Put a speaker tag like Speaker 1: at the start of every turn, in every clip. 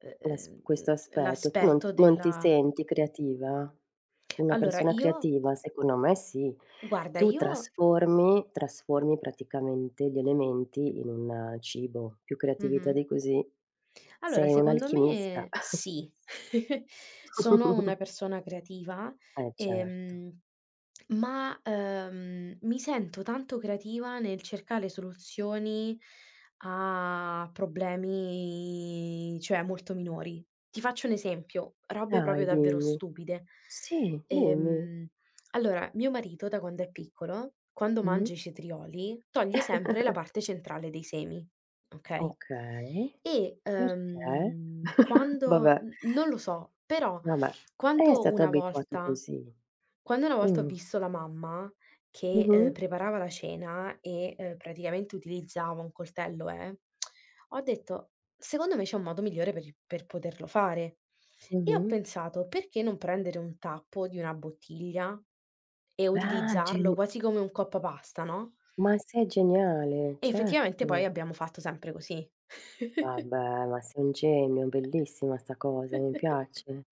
Speaker 1: Eh,
Speaker 2: Ma s
Speaker 1: ehm,
Speaker 2: questo aspetto. Tu non
Speaker 1: l'aspetto
Speaker 2: non ti
Speaker 1: della
Speaker 2: senti creativa? Una
Speaker 1: Allora
Speaker 2: persona
Speaker 1: io
Speaker 2: creativa? Secondo me sì.
Speaker 1: Guarda
Speaker 2: Tu
Speaker 1: io.
Speaker 2: trasformi trasformi praticamente gli elementi in un cibo, più creatività
Speaker 1: Mh-mh.
Speaker 2: di così.
Speaker 1: Allora
Speaker 2: Sei
Speaker 1: secondo
Speaker 2: un'alchimista.
Speaker 1: me sì, sono una persona creativa,
Speaker 2: Eh certo.
Speaker 1: ehm, ma ehm, mi sento tanto creativa nel cercare soluzioni a problemi, cioè molto minori. Ti faccio un esempio, robe proprio
Speaker 2: Dai,
Speaker 1: davvero
Speaker 2: dimmi.
Speaker 1: stupide.
Speaker 2: Sì, dimmi.
Speaker 1: Ehm, allora mio marito da quando è piccolo, quando
Speaker 2: Mh-mh.
Speaker 1: mangia i cetrioli, toglie sempre la parte centrale dei semi, okay?
Speaker 2: Okay,
Speaker 1: E
Speaker 2: perché?
Speaker 1: ehm, quando
Speaker 2: Vabbè.
Speaker 1: n non lo so però
Speaker 2: Va bè, è
Speaker 1: quando
Speaker 2: stato
Speaker 1: una
Speaker 2: abituato
Speaker 1: volta
Speaker 2: così.
Speaker 1: quando una volta ho
Speaker 2: Mhmm.
Speaker 1: visto la mamma che, ehm,
Speaker 2: Mh-mh.
Speaker 1: preparava la cena e, ehm, praticamente utilizzava un coltello eh, ho detto: "Secondo me c'è un modo migliore per i per poterlo fare." E ho
Speaker 2: Mh-mh.
Speaker 1: pensato: "Perché non prendere un tappo di una bottiglia e
Speaker 2: Ah
Speaker 1: utilizzarlo
Speaker 2: gen
Speaker 1: quasi come un coppapasta, no?"
Speaker 2: Ma sei geniale,
Speaker 1: Effettivamente poi
Speaker 2: certo.
Speaker 1: abbiamo fatto sempre così.
Speaker 2: Vabbè, ma sei un genio, bellissima sta cosa, mi piace.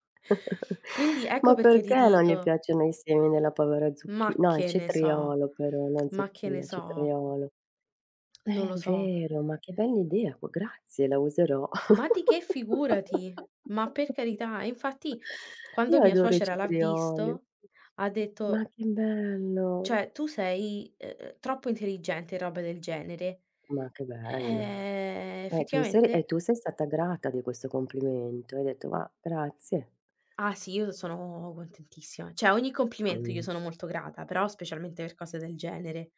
Speaker 1: Quindi ecco
Speaker 2: Ma
Speaker 1: perché ti
Speaker 2: perché non gli
Speaker 1: dico.
Speaker 2: piacciono i semi nella povera zucchi
Speaker 1: Ma
Speaker 2: no il
Speaker 1: che ne so
Speaker 2: cetriolo però, non
Speaker 1: ma che ne
Speaker 2: zucchina,
Speaker 1: so.
Speaker 2: cetriolo. È
Speaker 1: Non lo so.
Speaker 2: vero, ma che bell'idea, c grazie, la userò.
Speaker 1: Ma di che figurati. Ma per carità, e infatti quando
Speaker 2: Io
Speaker 1: mia
Speaker 2: adoro i
Speaker 1: suocera l'ha
Speaker 2: cetrioli.
Speaker 1: visto ha
Speaker 2: Ma
Speaker 1: detto
Speaker 2: che bello.
Speaker 1: "Cioè, tu sei, ehm, troppo intelligente." E roba del genere.
Speaker 2: Ma che bello.
Speaker 1: Ehm,
Speaker 2: E tu sei
Speaker 1: effettivamente
Speaker 2: e tu sei stata grata di questo complimento. Hai detto: "Ma grazie."
Speaker 1: Ah sì, io sono contentissima, cioè ogni complimento io
Speaker 2: Mh.
Speaker 1: sono molto grata, però specialmente per cose del genere.